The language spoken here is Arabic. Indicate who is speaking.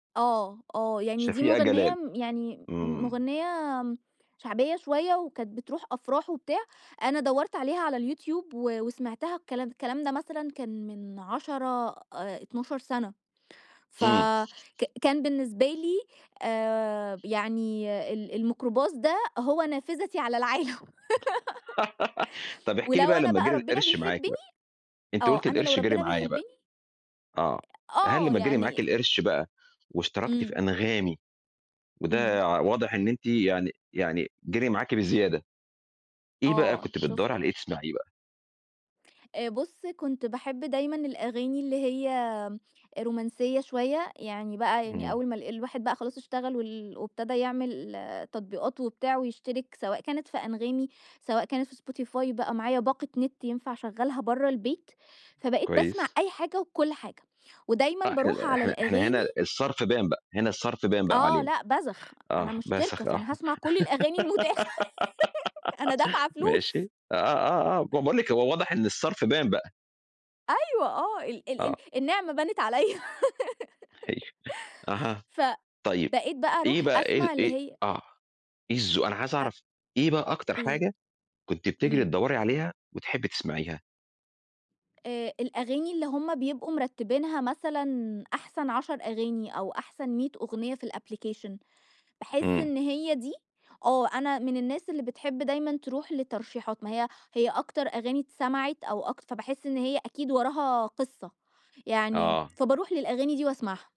Speaker 1: آه، آه. يعني دي
Speaker 2: شفيقة
Speaker 1: مُغنيّة
Speaker 2: جلال.
Speaker 1: م يعني مُ
Speaker 2: إمم.
Speaker 1: مغنيّة شعبية شوية وكانت بتروح أفراح وبتاع، أنا دورت عليها على الYouTube و وسمعتها، الكلام الكلام ده مثلًا كان من 10 آآ، 12 سنة
Speaker 2: إمم.
Speaker 1: فك كان بالنسبة لي آآ، يعني ال الميكروباص ده هو نافذتي على العالم.
Speaker 2: طب، احكِ لي
Speaker 1: ولو
Speaker 2: بقى
Speaker 1: أنا
Speaker 2: لمّا
Speaker 1: بقى
Speaker 2: جري
Speaker 1: ربنا
Speaker 2: القرش
Speaker 1: بيحبني
Speaker 2: معاكِ بقى، أنتِ
Speaker 1: آه،
Speaker 2: قُلتِ
Speaker 1: أنا لو
Speaker 2: القرش جري
Speaker 1: ربنا
Speaker 2: معايا
Speaker 1: بيحبني
Speaker 2: بقى. آه، هل
Speaker 1: آه،
Speaker 2: لمّا جري
Speaker 1: يعني
Speaker 2: معاكِ القرش بقى واشتركتِ في
Speaker 1: إمم.
Speaker 2: أنغامي
Speaker 1: إمم.
Speaker 2: وده واضح إن أنتِ يعني يعني جري معاكِ بزيادة، إيه بقى
Speaker 1: آه،
Speaker 2: كنتِ بتدوري
Speaker 1: شُفت.
Speaker 2: على إيه تسمعيه بقى؟
Speaker 1: آآ، بُص، كنت باحب دايمًا الأغاني اللي هي رومانسية شوية، يعني بقى يعني
Speaker 2: إمم.
Speaker 1: أول ما ال الواحد بقى خلاص اشتغل وال وابتدى يعمل تطبيقات وبتاع ويشترك، سواء كانت في أنغامي، سواء كانت في Spotify، بقى معايا باقة نت ينفع أشغلها برّا البيت، فبقيت باسمع
Speaker 2: كويس.
Speaker 1: أي حاجة وكل حاجة ودايمًا
Speaker 2: لا،
Speaker 1: بارُوح
Speaker 2: إحنا
Speaker 1: على
Speaker 2: إحنا إحنا هنا
Speaker 1: الأغاني
Speaker 2: الصَرف بان بقى، هنا الصَرف بان بقى
Speaker 1: آه،
Speaker 2: علينا.
Speaker 1: لأ، بذخ. أنا
Speaker 2: آه،
Speaker 1: مشتركة،
Speaker 2: بذخ آه.
Speaker 1: فأنا هاسمع كل الأغاني المتاحة أنا دافعة فلوس.
Speaker 2: ماشي. آه آه آه، ب باقول لِك هو واضح إن الصَرف بان بقى.
Speaker 1: أيوه، آه، ال ال ال
Speaker 2: آه.
Speaker 1: النعمة بانت عليّا.
Speaker 2: آيوه. أها. طيب،
Speaker 1: فبقيت بقى
Speaker 2: إيه
Speaker 1: أروح
Speaker 2: بقى إيه
Speaker 1: أسمع اللي
Speaker 2: إيه
Speaker 1: هي
Speaker 2: آه، إيه الز أنا عايز
Speaker 1: أ
Speaker 2: أعرف إيه بقى أكتر
Speaker 1: إيه؟
Speaker 2: حاجة كنتِ بتجري
Speaker 1: إمم.
Speaker 2: تدوري عليها وتحبّي تسمعيها؟
Speaker 1: آآ، الأغاني اللي هٌم بيبقوا مرتبينها مثلًا أحسن 10 أغاني أو أحسن 100 أغنية في الapplication باحس
Speaker 2: إمم.
Speaker 1: إن هي دي آه، أنا من الناس اللي بتحب دايمًا ترُوح لترشيحات. ما هي هي أكتر أغاني اتسمعت أو أكتر فباحس إن هي أكيد وراها قصة، يعني
Speaker 2: آه.
Speaker 1: فبارُوح للأغاني دي وأسمعها.